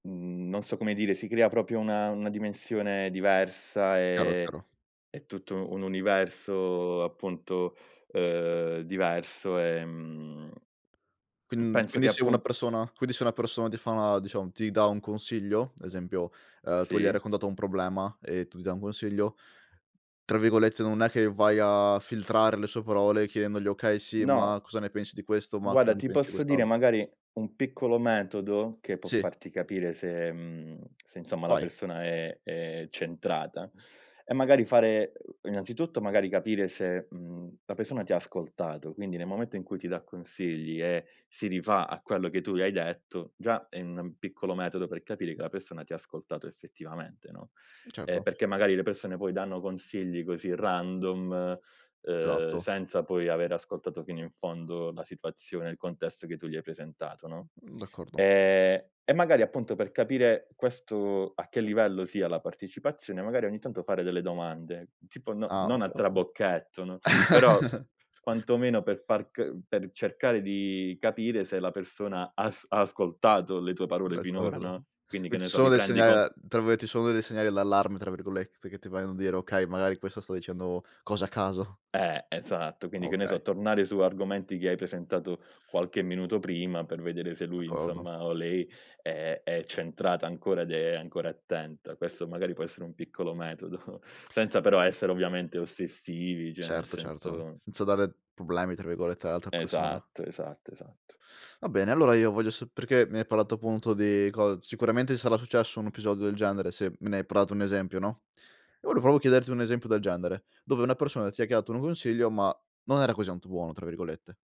Mhmm, non so come dire, si crea proprio una una dimensione diversa Chiaro, e chiaro. e tutto un universo appunto, uhm diverso, ehm, mhmm, Quin penso quindi che se una appun persona, quindi se una persona ti fa una diciamo, ti dà un consiglio, esempio, ehm tu gli hai Sì. raccontato un problema e tu gli dai un consiglio, tra virgolette non è che vai a filtrare le sue parole chiedendogli: "Okay, sì, No. ma cosa ne pensi di questo? Ma cosa Guarda ne ti pensi di posso dire quest'altro?" magari un piccolo metodo che può Sì. farti capire se, mhmm, se insomma la Vai. persona è è centrata, è magari fare innanzitutto magari capire se, mhmm, la persona ti ha ascoltato, quindi nel momento in cui ti dà consigli e si rifà a quello che tu le hai detto, già è un piccolo metodo per capire che la persona ti ha ascoltato effettivamente, no? Ehm Certo. perché magari le persone poi danno consigli così random, uhm Esatto. senza poi aver ascoltato fino in fondo la situazione, il contesto che tu gli hai presentato, no? Mh, d'accordo. E e magari appunto per capire questo a che livello sia la partecipazione, magari ogni tanto fare delle domande, tipo no Ah non a okay, ok trabocchetto, no, però, quantomeno per far c per cercare di capire se la persona ha as ha ascoltato le tue parole finora, D'accordo, no, quindi che quindi ne ci so, sono dei riprendi segnali con da tra virgolette ci sono dei segnali d'allarme tra virgolette che ti vogliono dire: "Okay, magari questo sta dicendo cose a caso". Eh, esatto, Ah quindi che ne okay. so, tornare su argomenti che hai presentato qualche minuto prima per vedere se lui, D'accordo. insomma, o lei è è centrata ancora ed è ancora attenta. Questo magari può essere un piccolo metodo, senza però essere ovviamente ossessivi, cioè nel Certo, certo, senso senza dare problemi tra virgolette all'altra persona. Esatto, esatto, esatto. Va bene, allora io voglio sol perché mi hai parlato appunto di cos sicuramente ti sarà successo un episodio del genere. Se me ne hai prato un esempio, no? Io volevo proprio chiederti un esempio del genere, dove una persona ti ha chiato un consiglio, ma non era così tanto buono, tra virgolette.